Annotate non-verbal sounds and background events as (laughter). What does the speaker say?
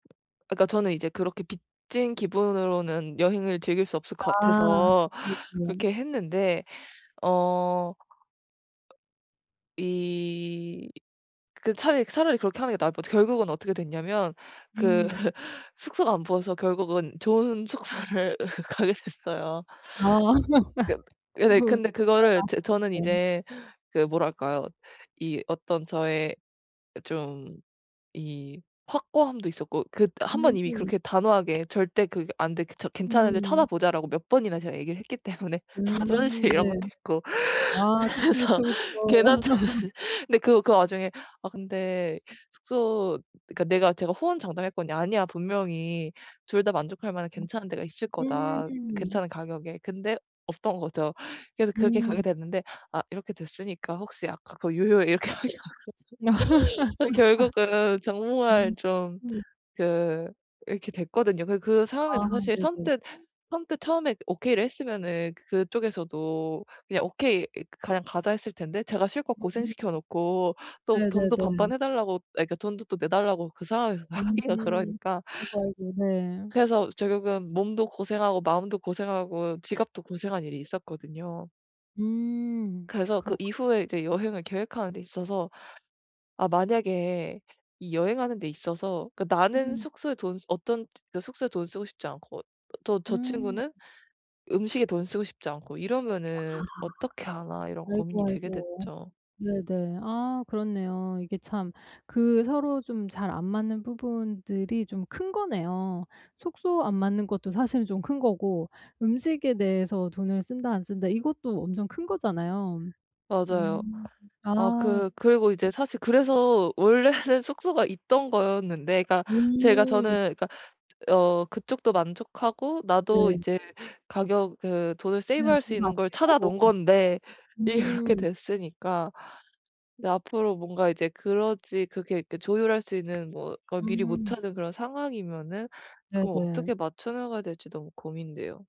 아 그러니까 저는 이제 그렇게 빚진 기분으로는 여행을 즐길 수 없을 것 아. 같아서 그렇군요. 그렇게 했는데 어 이 그 차라리 차라리 그렇게 하는 게 나을 뻔했죠. 결국은 어떻게 됐냐면 그 음. (laughs) 숙소가 안 보여서 결국은 좋은 숙소를 가게 됐어요. 아. 그 (laughs) 예 네. 친구 근데 (unintelligible) 그거를 제 저는 네. 이제 그 뭐랄까요? 이 어떤 저의 좀 이 확고함도 있었고 그 1 번 이미 음. 그렇게 단호하게 "절대 그 안 돼. 그 저 괜찮은데 음. 찾아보자."라고 몇 번이나 제가 얘기를 했기 때문에 자존심 음. 이런 네. 것도 있고 아 그래서 그쵸, 그쵸, 그쵸. 괜한 자존 (laughs) 근데 그 그 와중에 아 근데 숙소 그러니까 내가 제가 호언장담했거든요. "아니야. 분명히 2 다 만족할 만한 괜찮은 데가 있을 음. 거다, 음. 괜찮은 가격에." 근데 없던 거죠. 그래서 그렇게 가게 음. 됐는데 아 이렇게 됐으니까 "혹시 아까 그거 유효해?" 이렇게 하기가 그렇잖아요. (laughs) 그 결국은 정말 좀 음. 그 이렇게 됐거든요. 그러니까 그 아 상황에서 사실 네네. 선뜻 선뜻 처음에 "오케이."를 했으면은 그쪽에서도 "그냥 오케이 이 그냥 가자." 했을 텐데 제가 실컷 음. 고생시켜 놓고 또 돈도 네네네. 반반 해 달라고 아 그러니까 돈도 또 내 달라고 그 상황에서 하기가 음. 그러니까 아이고, 아이고 네. 그래서 결국은 몸도 고생하고 마음도 고생하고 지갑도 고생한 일이 있었거든요. 음 그래서 그 그렇군요. 이후에 이제 네. 여행을 계획하는 데 있어서 '아 만약에 이 여행하는 데 있어서 그 나는 음. 숙소에 돈 쓰 어떤 그 숙소에 돈을 쓰고 싶지 않고 또 저 음. 친구는 음식에 돈 쓰고 싶지 않고 아. 이러면은 어떻게 하나?' 이런 고민이 아이고, 되게 아이고. 됐죠. 네네. 아 그렇네요. 이게 참 그 서로 좀 잘 안 맞는 부분들이 좀 큰 거네요. 숙소 안 맞는 것도 사실은 좀 큰 거고 "음식에 대해서 돈을 쓴다, 안 쓴다." 이것도 엄청 큰 거잖아요. 맞아요. 음. 아 아. 그 그리고 예. 이제 사실 그래서 원래는 숙소가 있던 거였는데 그러니까 제가 음. 저는 그러니까 어 그쪽도 만족하고 나도 네. 이제 가격 그 돈을 네. 세이브할 수 좀 더 있는 걸 찾아 아끼고. 놓은 네. 건데 일이 그렇게 음. 됐으니까 이제 앞으로 뭔가 이제 그러지 그렇게 그 조율할 수 있는 뭐 걸 미리 못 음. 찾은 그런 상황이면은 그럼 네네. 어떻게 맞춰나가야 될지 너무 고민돼요.